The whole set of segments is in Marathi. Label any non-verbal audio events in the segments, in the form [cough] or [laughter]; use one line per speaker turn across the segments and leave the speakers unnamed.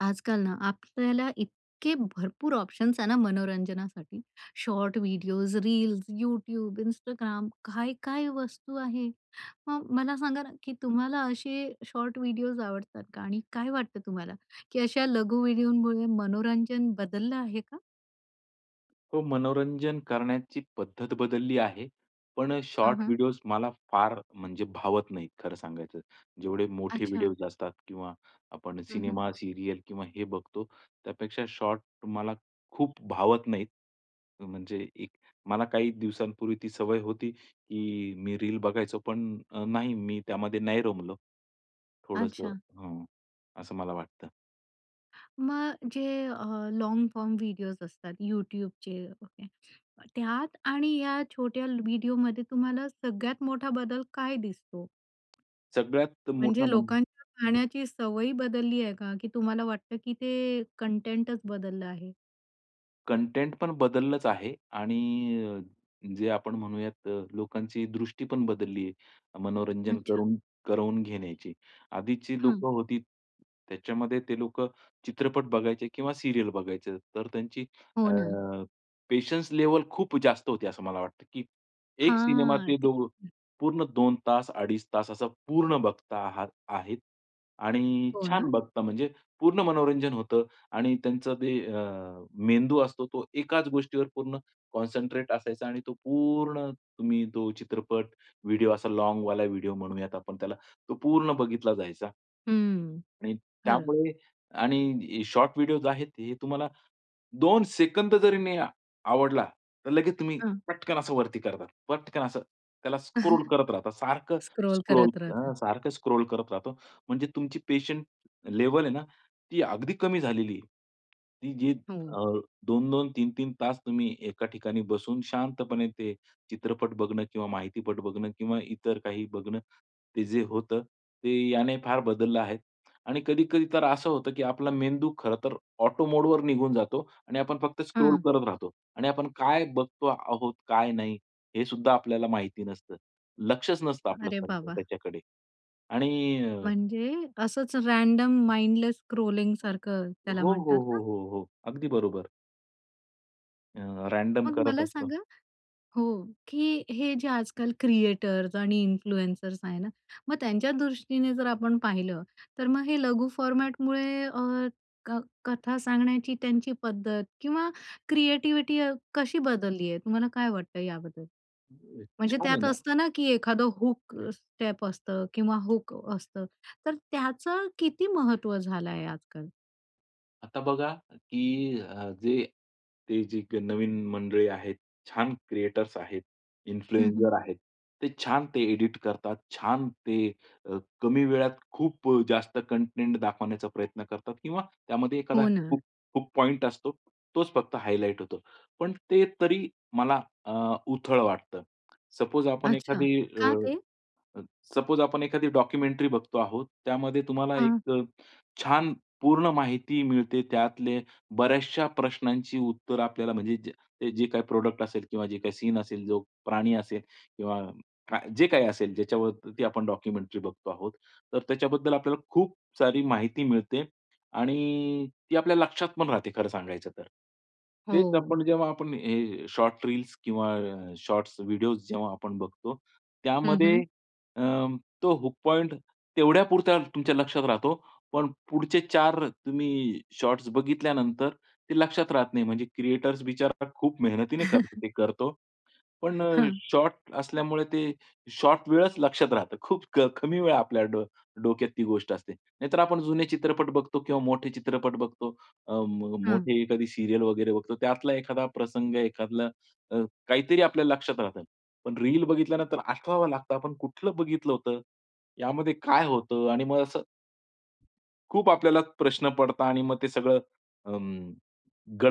आजकाल ना आपल्याला इतके भरपूर ऑप्शन्स आहे ना मनोरंजनासाठी. Short videos, reels, YouTube, Instagram काय-काय वस्तू आहे. मग मला सांगा ना की तुम्हाला असे शॉर्ट व्हिडिओज आवडतात का? आणि काय वाटतं तुम्हाला की अशा लघु व्हिडिओमुळे मनोरंजन बदललं आहे का?
हो, मनोरंजन करण्याची पद्धत बदलली आहे. पण अ,
हं,
शॉर्ट
हं.
व्हिडिओज मला फार म्हणजे भावत नाहीत खरं सांगायचं. जेवढे मोठे
अच्छा.
व्हिडिओज असतात किंवा आपण
हं, हं
सिनेमा, सीरियल किंवा हे बघतो, त्यापेक्षा शॉर्ट मला खूप भावत नाहीत. म्हणजे एक मला काही दिवसांपूर्वी ती सवय होती की मी रील बघायचो पण अ, नाही मी त्यामध्ये नाही रमलो. थोडंसं
अच्छा.
हं, असं मला वाटतं.
मग जे अ, लॉन्ग फॉर्म व्हिडिओज असतात YouTubeचे ओके त्यात आणि या छोट्या ल व्हिडिओमध्ये तुम्हाला सगळ्यात मोठा बदल काय दिसतो?
सगळ्यात मोठा
म्हणजे
म्हणजे
लोकांच्या पाहण्याची सवय बदलली आहे का? की तुम्हाला वाटतं की ते कंटेंटच बदललं आहे?
कंटेंट पण बदललंच आहे आणि अ, जे आपण म्हणूयात, लोकांची दृष्टी पण बदलली आहे, अ, मनोरंजन
अच्छा.
करून करवून घेण्याची. आधीची
हं.
लोकं होती, त्याच्यामध्ये ते लोकं चित्रपट बघायचे किंवा सीरियल बघायचे, तर त्यांची अ,
हो ना.
पेशन्स लेवल खूप जास्त होती, असं मला वाटतं, की एक सिनेमा
हां,
ते
ते
दो
हं.
पूर्ण 2 तास, अडीच तास असं पूर्ण बघता आहात आहेत आणि
हो
छान
ना?
बघता म्हणजे पूर्ण मनोरंजन होतं आणि त्यांचं ते अ, मेंदू असतो, तो एकाच गोष्टीवर पूर्ण कॉन्संट्रेट असायचा आणि तो पूर्ण, तुम्ही तो चित्रपट, व्हिडिओ, असा लाँगवॉल व्हिडिओ म्हणूयात आपण त्याला, तो पूर्ण बघितला जायचा.
हम्म.
आणि
खरं.
त्यामुळे आणि शॉर्ट व्हिडिओ आहेत, हे तुम्हाला 2 सेकंद जरी नाही अ आवडला, तर लगेच तुम्ही
हं.
पटकन असं वरती करता, पटकन असं त्याला स्क्रोल
[chuckles]
करत राहता, सारखं
स्क्रोल
स्क्रोल,
करत राहतात.
अ, सारखं स्क्रोल करत राहतो. म्हणजे तुमची पेशंन्स लेव्हल आहे ना, ती अगदी कमी झालेली आहे. ती जी
हो.
अ, 2-2, 3-3 तास तुम्ही एका ठिकाणी बसून शांतपणे ते चित्रपट बघणं किंवा माहितीपट बघणं किंवा इतर काही बघणं, ते जे होतं, ते याने फार बदललं आहे आणि कधी-कधी तर असं होतं की आपला मेंदू खरं तर ऑटो मोड निघून जातो आणि आपण फक्त स्क्रोल
हं.
करत राहतो आणि आपण काय बघतो आहोत, काय नाही, हे सुद्धा आपल्याला माहिती नसतं, लक्षच नसतं आपलं
अरे
खरंतर
बाबा!
त्याच्याकडे आणि
म्हणजे असंच रॅंडम माइंडलेस स्क्रोलिंग
हो,
सारखं त्याला
हो,
म्हणतात
हो,
ना?
हो, हो. अगदी बरोबर. अ, रँडम
मग
करत
मला
असतो.
सांगा हो, की हे जे आजकाल क्रिएटर्स आणि इन्फ्लुएन्सर्स आहे ना, मग त्यांच्या दृष्टीने जर आपण पाहिलं तर मग हे लघु फॉर्मॅटमुळे अ, क कथा सांगण्याची त्यांची पद्धत किंवा क्रिएटिव्हिटी अ, कशी बदलली आहे? तुम्हाला काय वाटतं याबद्दल?
अ,
म्हणजे
छान आहे
त्यात
ना?
असतं ना की एखादं हूक स्टेप असतं किंवा हूक असतं. तर त्याचं किती महत्व झालं आहे आजकाल?
आता बघा की अ, जे ते जे नवीन मंडळी आहेत, छान क्रिएटर्स आहेत,
हं, हं.
इन्फ्लुएन्सर आहेत, ते छान ते एडिट करतात. छान ते अ, कमी वेळात खूप अ, जास्त कंटेंट दाखवण्याचा प्रयत्न करतात किंवा त्यामध्ये एखादा
हो ना.
खूप-खूप पॉइंट असतो, तोच फक्त हायलाइट होतो. पण ते तरी मला अ, उथळ वाटतं. सपोज आपण
अच्छा,
एखादी अ,
का ते?
अ, सपोज आपण एखादी डॉक्युमेंटरी बघतो आहोत, त्यामध्ये तुम्हाला
हां.
१ अ, छान पूर्ण माहिती मिळते. त्यातले बऱ्याचशा प्रश्नांची उत्तरं आपल्याला म्हणजे जे जे काही प्रॉडक्ट असेल किंवा जे काही सीन असेल, जो प्राणी असेल, किंवा का जे काही असेल ज्याच्यावरती आपण डॉक्युमेंटरी बघतो आहोत तर त्याच्याबद्दल आपल्याला खूप सारी माहिती मिळते आणि ती आपल्या लक्षातपण राहते खरं सांगायचं तर. तेच
हो.
आपण जेव्हा आपण हे शॉर्ट रील्स किंवा अ, शॉर्ट्स व्हिडिओस जेव्हा आपण बघतो,
हं,
त्यामध्ये
हं.
अ, तो हुक पॉईंट तेवढ्यापुरता तुमच्या लक्षात राहतो. पण पुढचे ४ तुम्ही शॉट्स बघितल्यानंतर ते लक्षात राहत नाही. म्हणजे क्रिएटर्स बिचारा खूप मेहनतीने कर ते करतो पण
हं.
शॉर्ट असल्यामुळे ते शॉर्ट वेळच लक्षात राहतं. खूप कमी वेळा आपल्या डो डोक्यात ती गोष्ट असते. नाहीतर आपण जुने चित्रपट बघतो किंवा मोठे चित्रपट बघतो. अ, म
हं.
मोठे एखादी सीरियल वगैरे बघतो, त्यातला एखादा प्रसंग, एखादलं अ, काहीतरी आपल्याला लक्षात राहतं. पण रील बघितल्यानंतर आठवावा लागतं आपण कुठलं बघितलं होतं, यामध्ये काय होतं? आणि मग असं. खूप आपल्याला प्रश्न पडता आणि मग ते सगळं अं,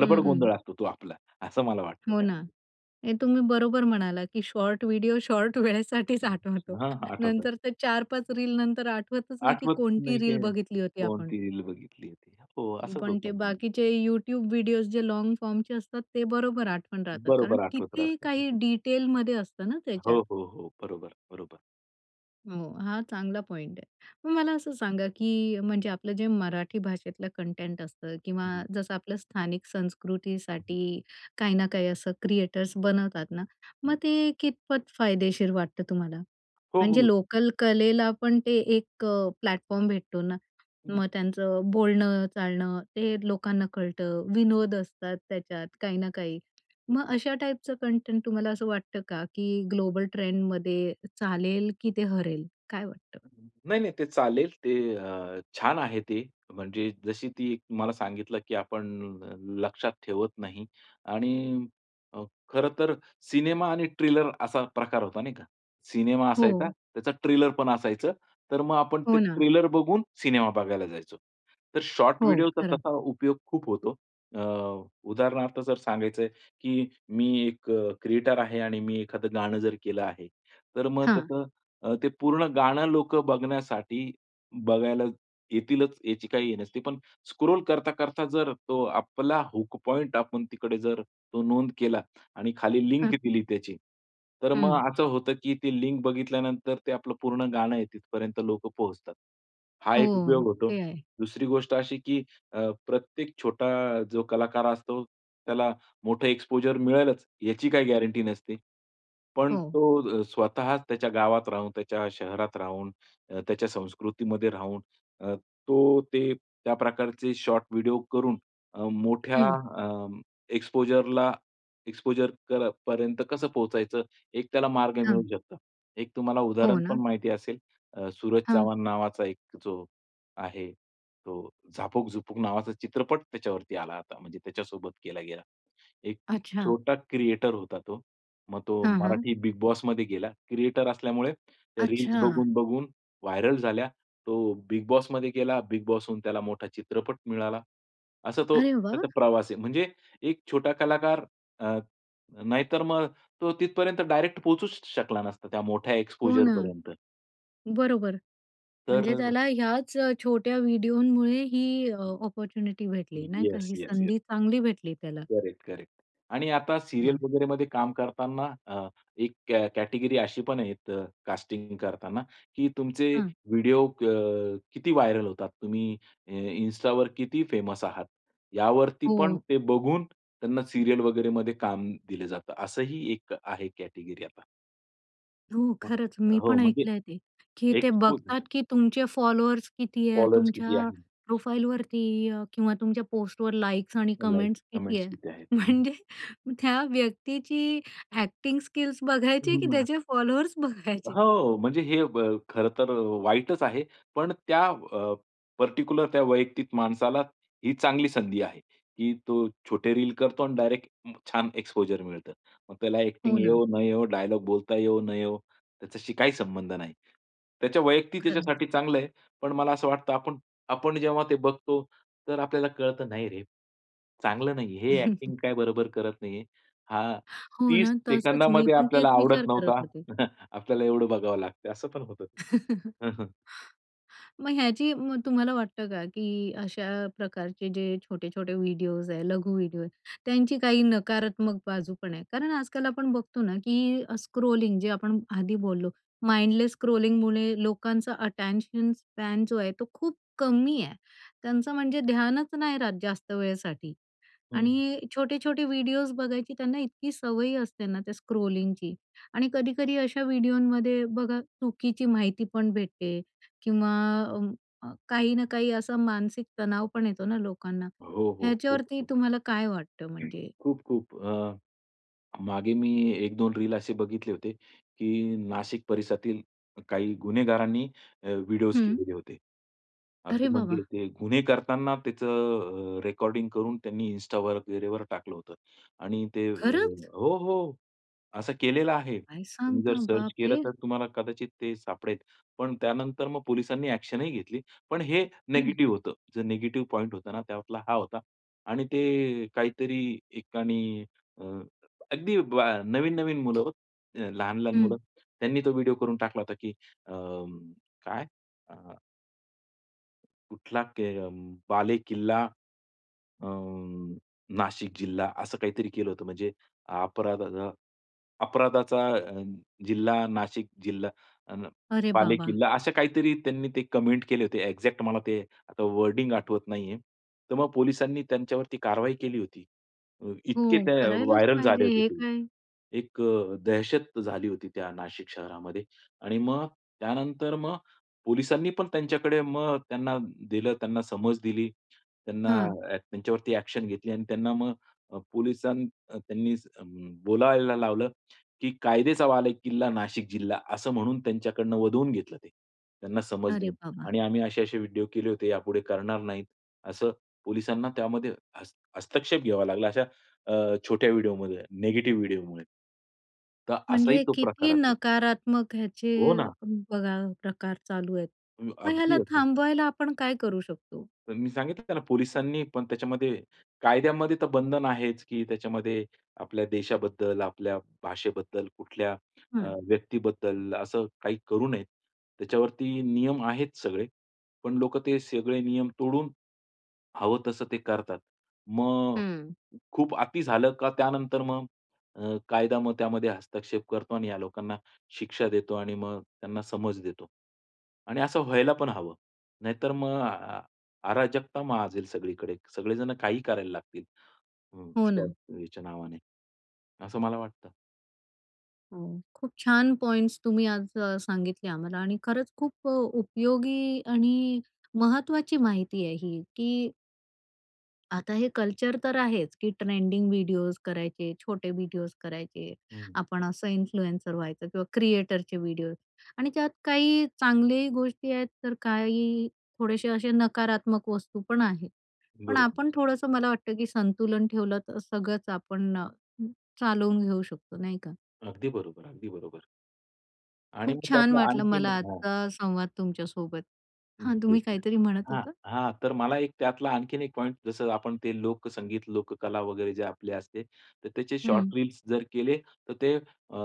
हं,
गोंधळ
हं.
असतो तो आपला, असं मला वाटतं
हो ना.
त्यामध्ये.
हे तुम्ही बरोबर म्हणालात की शॉर्ट व्हिडिओ शॉर्ट वेळेसाठीच आठवतो.
हां, हां, आठवतं.
नंतर ते ४ -५ रील नंतर आठवतच नाही की
आठवत
कोणती
नाही
रील
काय
बघितली होती आपण.
कोणती रील बघितली होती? हो, असंच
पण
होतं
ते
ना.
बाकीचे यूट्यूब विडिओज जे लॉन्ग फॉर्मचे असतात ते बरोबर आठवण राहतात. कारण
बरोबर आठवत
किती
राहतात ते.
काही डिटेलमध्ये असतं ना त्याच्यात.
हो, हो, हो. बरोबर बरोबर.
हो, हा चांगला पॉइंट आहे. मग मला असं सांगा की म्हणजे आपलं जे मराठी भाषेतलं कंटेंट असतं किंवा
हं.
जसं आपलं स्थानिक
हं.
संस्कृतीसाठी काही ना काही असं क्रिएटर्स बनवतात ना, मग
हं.
ते कितपत फायदेशीर वाटतं तुम्हाला?
हो
म्हणजे
बोलू.
लोकल कलेला पण ते एक प्लॅटफॉर्म भेटतो ना
हं.
मग त्यांचं बोलणं, चालणं ते लोकांना कळतं. विनोद असतात त्याच्यात काही ना काही. मग अशा टाईपचं कंटेंट तुम्हाला असं वाटतं का की ग्लोबल ट्रेंडमध्ये चालेल की ते हरेल, काय वाटतं?
नाही-नाही. ते चालेल ते अ, छान आहे ते, म्हणजे जशी ती मला सांगितलं की आपण लक्षात ठेवत नाही आणि अ, खरं तर सिनेमा आणि ट्रेलर असा प्रकार होता, नाही का? सिनेमा असायचा
हो.
त्याचा ट्रेलर पण असायचं. तर मग आपण
हो
ते
ना.
ट्रेलर बघून सिनेमा बघायला जायचो. तर शॉर्ट
हो
व्हिडिओचा
खरं.
तसा उपयोग खूप होतो. अ, उदाहरणार्थ जर सांगायचंय की मी १ क्रिएटर आहे आणि मी एखादं गाणं जर केलं आहे. तर मग
हां.
कसं अ, ते पूर्ण गाणं लोकं बघण्यासाठी बघायला येतीलच याची काही हे नसती. पण स्क्रोल करता-करता जर तो आपला हुक पॉइंट आपण तिकडे जर तो नोंद केला आणि खाली लिंक
हं.
दिली त्याची, तर मग
हं.
असं होतं की ती लिंक बघितल्यानंतर ते आपलं पूर्ण गाणं आहे तिथपर्यंत लोकं पोहोचतात. हा
हो,
एक उपयोग होतो.
ते आहे.
दुसरी गोष्ट अशी की, अ, प्रत्येक छोटा जो कलाकार असतो, त्याला मोठं एक्स्पोजर मिळेलच, याची काही गॅरंटी नसते. पण
हो.
तो अ, स्वतःच त्याच्या गावात राहून, त्याच्या शहरात राहून, अ, त्याच्या संस्कृतीमध्ये राहून अ, तो ते त्या प्रकारचे शॉर्ट व्हिडिओ करून अ, मोठ्या
हं.
अ, एक्सपोजरला एक्सपोजर कर पर्यंत कसं पोहचायचं एक त्याला मार्ग मिळू
हं.
शकतं. एक तुम्हाला
हो
उदाहरण पण
ना.
माहिती असेल, अ, सूरज
हां.
चव्हाण नावाचा एक जो, आहे तो झापक-झुपुक नावाचा चित्रपट त्याच्यावरती आला आता. म्हणजे त्याच्यासोबत केला गेला. एक
अच्छा.
छोटा क्रिएटर होता तो. मग तो
हं, हं.
मराठी बिगबॉसमध्ये गेला, क्रिएटर असल्यामुळे त्या रील्स
अच्छा.
बघून-बघून व्हायरल झाल्या. तो बिगबॉसमध्ये गेला, बिगबॉस होऊन त्याला मोठा चित्रपट मिळाला. असा तो
अरे वाह!
त्याचा प्रवास आहे. म्हणजे एक छोटा कलाकार अ, नाहीतर मग तो तिथपर्यंत डायरेक्ट पोहचूच श शकला नसता त्या मोठ्या
हो ना,
एक्सपोजरपर्यंत.
बरोबर. म्हणजे
तर
त्याला ह्याच अ, छोट्या व्हिडिओमुळे ही अ, अपॉर्च्युनिटी भेटली नाही का?
येस,
ही
येस, येस.
संधी चांगली भेटली त्याला.
करेक्ट-करेक्ट आणि आता सीरियल
वाह!
वगैरेमध्ये काम करतांना अ, एक कॅ कॅटेगरी अशी पण आहेत कास्टिंग करताना की तुमचे
हं.
व्हिडिओ अ, किती व्हायरल होतात? तुम्ही अ, इन्स्टावर किती फेमस आहात? यावरती पण
हो.
ते बघून त्यांना सीरियल वगैरेमध्ये काम दिलं जातं. असंही एक आहे कॅटेगरी आता.
हो, खरंच
हं,
मी
हो,
पण
म्हणजे
ऐकलं आहे ते की ते
एक्सपोज
बघतात
झालं.
की तुमचे फॉलोअर्स किती आहे?
फॉलोवर्स किती
तुमच्या
आहे?
प्रोफाईलवरती अ, किंवा तुमच्या पोस्टवर लाइक्स आणि
हो, लाईक्स
कमेंट्स किती
कॉमेंट्स
आहे?
किती आहेत? हं.
म्हणजे त्या व्यक्तीची ॲक्टिंग स्किल्स बघायची आहे
हो
की
ना.
त्याचे फॉलोअर्स बघायचे?
हो, म्हणजे हे ब खरं तर अ, वाईटच आहे. पण त्या अ, पर्टिक्युलर त्या वैयक्तिक माणसाला ही चांगली संधी आहे की तो छोटे रील करतो आणि डायरेक्ट छान एक्सपोजर मिळतं. मग त्याला
हो
ॲक्टिंग
ना.
येवो न येवो, डायलॉग बोलता येवो न येवो, त्याच्याशी काही संबंध नाही. त्याच्या वैयक्तिक
खरंच.
त्याच्यासाठी चांगलं आहे. पण मला असं वाटतं आपण आपण जेव्हा ते बघतो तर आपल्याला कळतं, "नाही रे. चांगलं नाहीये. हे ॲक्टिंग
[chuckles]
काय बरोबर करत नाहीये, हा
हो
30
ना, तसंच मी
सेकंदामध्ये
पण
आपल्याला
तेच
आवडत
विचार करत
नव्हता."
होते.
[chuckles] आपल्याला एवढं बघावं लागतं. असं पण होतं.
[laughs]
[chuckles]
मग ह्याची मग तुम्हाला वाटतं का की अशा प्रकारचे जे छोटे-छोटे व्हिडिओज आहे, लघु व्हिडिओ आहे, त्यांची काही नकारात्मक बाजू पण आहे. कारण आजकाल आपण बघतो ना की अ, स्क्रोलिंग जे आपण आधी बोललो माइंडलेस स्क्रोलिंग लोकांचा अटेंशन स्पॅन जो आहे तो खूप कमी आहे. त्यांचं म्हणजे ध्यानच नाही राहत जास्त वेळेसाठी
हं.
आणि छोटे-छोटे व्हिडिओज बघायची त्यांना इतकी सवय असते ना त्या स्क्रोलिंगची आणि कधी-कधी अशा व्हिडिओंमध्ये बघा चुकीची माहिती पण भेटते किंवा अ, अ, काही ना काही असं मानसिक तणाव पण येतो ना लोकांना.
हो, हो,
ह्याच्यावरती
खूप-खूप.
तुम्हाला काय वाटतं म्हणजे?
खूप-खूप अ, मागे मी 1-2 रील असे बघितले होते की नाशिक परिसरातील काही गुन्हेगारांनी अ, विडीओज
हं.
केलेले होते.
अरे
अगदी म्हणजे
बाबा!
ते गुन्हे करतांना त्याचं अ, रेकॉर्डिंग करून त्यांनी इन्स्टावर वगैरे टाकलं होतं आणि ते अ
खरंच?
हो, हो असं केलेलं आहे.
काय
तुम्ही जर
सांगता?
सर्च केलं
बापरे!
तर तुम्हाला कदाचित ते सापडेल. पण त्यानंतर मग पोलिसांनी ॲक्शनही घेतली. पण हे
हं.
निगेटिव्ह होतं. जो निगेटिव्ह पॉइंट होता ना तो आपला हा होता आणि ते काहीतरी एकानी अ, अगदी ब नवीन-नवीन मुलं हो. लहान-लहान
हं.
मुलं त्यांनी तो व्हिडिओ करून टाकला होता की अ ,काय, अ कुठला के अ, बालेकिल्ला अ, नाशिक जिल्हा. असं काहीतरी केलं होतं म्हणजे अपराध, अ, अपराधाचा अ, जिल्हा नाशिक जिल्हा अ,
अरे बाबा!
बालेकिल्ला असं काहीतरी त्यांनी ते कमेंट केले होते. एक्झॅक्ट मला ते आता वर्डिंग आठवत नाहीये. तर मग पोलिसांनी त्यांच्यावरती कारवाई केली होती. अ,
हो,
इतके ते
करायलाच
व्हायरल
पाहिजे.
झाले होते
हे
ते.
काय?
एक अ, दहशत झाली होती त्या नाशिक शहरामध्ये आणि मग त्यानंतर मग पोलिसांनी पण त्यांच्याकडे मग त्यांना दिलं, त्यांना समज दिली. त्यांना
हां.
ॲ त्यांच्यावरती ॲक्शन घेतली आणि त्यांना मग अ, पोलिसांन त्यांनी बोलायला लावलं की कायद्याचा बालेकिल्ला, नाशिक जिल्हा असं म्हणून त्यांच्याकडून वदवून घेतलं ते. त्यांना समज
अरे
देऊन
बाबा.
आणि आम्ही असे-असे व्हिडिओ केले होते, यापुढे करणार नाहीत, असं पोलिसांना त्यामध्ये हस्त हस्तक्षेप घ्यावा लागला. अशा अ, छोट्या व्हिडिओमुळे नेगेटिव्ह व्हिडिओमुळे. तर असाही
म्हणजे
तो प्रकार
किती
असतो.
नकारात्मक ह्याचे
हो ना.
बघा प्रकार चालू आहेत.
म
मग ह्याला
अगदी-अगदी.
थांबवायला आपण काय करू शकतो?
तर मी सांगितलं ना त्यांना पोलिसांनी पण त्याच्यामध्ये, कायद्यामध्ये तर बंधन आहेच की त्याच्यामध्ये आपल्या देशाबद्दल आपल्या भाषेबद्दल कुठल्या अ,
हं.
व्यक्तीबद्दल असं काही करू नये. त्याच्यावरती नियम आहेत सगळे. पण लोकं ते सगळे नियम तोडून, हवं तसं ते करतात. मग
हं.
खूप अति झालं का त्यानंतर मग अ, कायदा मग त्यामध्ये हस्तक्षेप करतो आणि ह्या लोकांना शिक्षा देतो आणि मग त्यांना समज देतो. आणि असं व्हायला पण हवं. नाहीतर मग अ अ अराजकता माजेल सगळीकडे. सगळे जण काही करायला लागतील.
हो ना.
[unintelligible] नावाने, असं मला वाटतं.
हो, खूप छान पॉइंट्स तुम्ही आज अ, सांगितले आम्हाला आणि खरंच खूप अ, उपयोगी आणि महत्त्वाची माहिती आहे ही की आता हे कल्चर तर आहेच की ट्रेंडिंग व्हिडिओज करायचे, छोटे व्हिडिओज करायचे,
हं.
आपण असं इन्फ्लुएन्सर व्हायचं किंवा क्रिएटरचे व्हिडिओज आणि त्यात काही चांगली गोष्टी आहेत तर काही थोडेसे असे नकारात्मक वस्तू पण आहेत. पण
बरोबर.
आपण थोडंसं मला वाटतं की संतुलन ठेवलं, तर सगळंच आपण अ, चालवून घेऊ शकतो नाही का?
अगदी बरोबर, अगदी बरोबर. आणि
खूप
मग
छान
त्यातला
वाटलं
आणखीन
मला
हां.
आजचा संवाद तुमच्या सोबत.
हं,
हां,
येस,
तुम्ही
येस.
काहीतरी म्हणत
हां,
होतात?
हां, तर मला एक त्यातला आणखीन एक पॉइंट जसं आपण ते लोकसंगीत लोककला वगैरे जे आपले असते. तर त्याचे
हं.
शॉर्ट रील्स जर केले तर ते अ,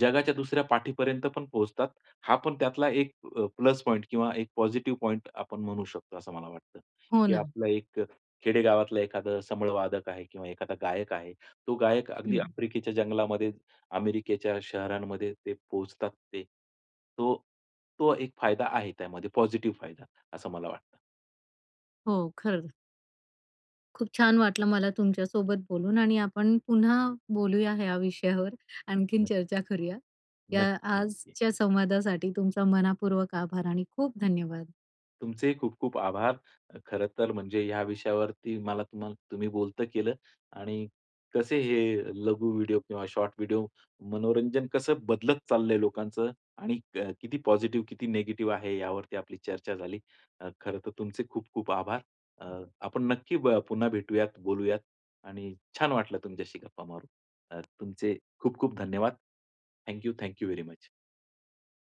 जगाच्या दुसऱ्या पाठीपर्यंत पण पोहोचतात. हा पण त्यातला एक अ, प्लस पॉइंट किंवा एक पॉझिटिव्ह पॉइंट आपण म्हणू शकतो असं मला वाटतं
हो
की
ना.
आपलं एक अ, खेडेगावातला एखादा संबळ वादक आहे किंवा एखादा गायक आहे, तो गायक अगदी
हं.
आफ्रिकेच्या जंगलामध्ये अमेरिकेच्या शहरांमध्ये ते पोहचतात ते. तो तो एक फायदा आहे त्यामध्ये पॉझिटिव्ह फायदा असं मला वाटतं.
हो, खरं. खूप छान वाटलं मला तुमच्या सोबत बोलून आणि आपण पुन्हा बोलूया या विषयावर, आणखीन
नक्की.
चर्चा करूया. या
नक्की-नक्की.
आजच्या संवादासाठी तुमचा मन:पूर्वक आभार आणि खूप धन्यवाद.
तुमचेही खूप-खूप आभार. अ, खरं तर म्हणजे या विषयावरती मला तुम्हाला तुम्ही बोलतं केलं आणि कसे हे लघु व्हिडिओ किंवा शॉर्ट व्हिडिओ मनोरंजन कसं बदलत चाललंय लोकांचं आणि अ, किती पॉझिटिव्ह, किती निगेटिव्ह आहे यावरती आपली चर्चा झाली. अ, खरं तर तुमचे खूप-खूप आभार. अ, आपण नक्की ब पुन्हा भेटूयात, बोलूयात आणि छान वाटलं तुमच्याशी गप्पा मारून अ, तुमचे खूप-खूप धन्यवाद. Thank you. Thank you very much.